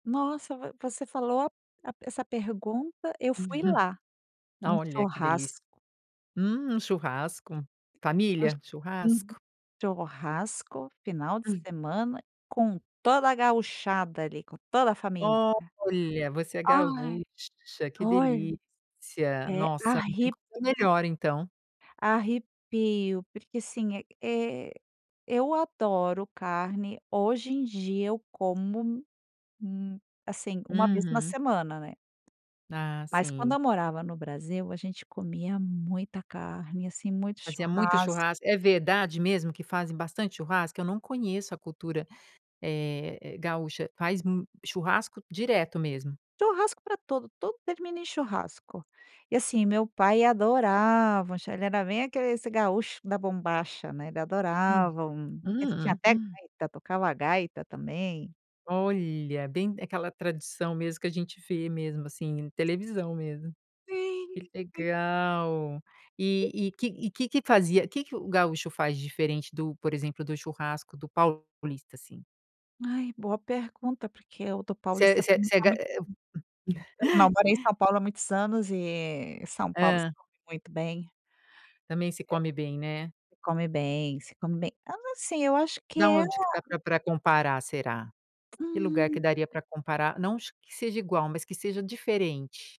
Nossa, vo você falou a a essa pergunta eu fui Uhum. lá, num Olha que delícia! churrasco. Hum, churrasco, Gauch família, Uhum. churrasco. Churrasco, final de semana com toda a gauchada ali, com toda a família. Olha! Você é Ai, gaúcha, que olha, delícia. é Nossa, não tem arre coisa melhor então. Arrepio, porque assim, é é eu adoro carne, hoje em dia eu como um assim, uma vez na Uhum. semana, né. Ah, Mas quando sim. eu morava no Brasil, a gente comia muita carne, assim, muito Fazia muito churras churrasco, é verdade mesmo que fazem bastante churrasco? Eu não conheço a cultura, eh, gaúcha, faz m churrasco direto mesmo? Churrasco para tudo, tudo termina em churrasco. E assim, meu pai adorava um chu ele era bem aquele esse gaúcho da bombacha, né, ele Hum, adorava um ele tinha até hum. gaita, tocava a gaita também. Olha, bem aquela tradição mesmo que a gente vê mesmo assim em E televisão mesmo. Sim, Que sim. legal. E E e que e que que fazia que que o gaúcho faz de diferente do por exemplo do churrasco do paulista, assim? Ai, boa pergunta, porque o do Você é paulista você é também você é é ga muito bom. Eu, não morei em São Paulo há muitos anos e São Paulo se Hã. come muito bem. Também se É come bem, né. Se come bem, se come bem, então, assim, eu acho que Da é a onde que dá pra pra comparar será? Que lugar que Hum. daria para comparar, não que seja igual, mas que seja diferente?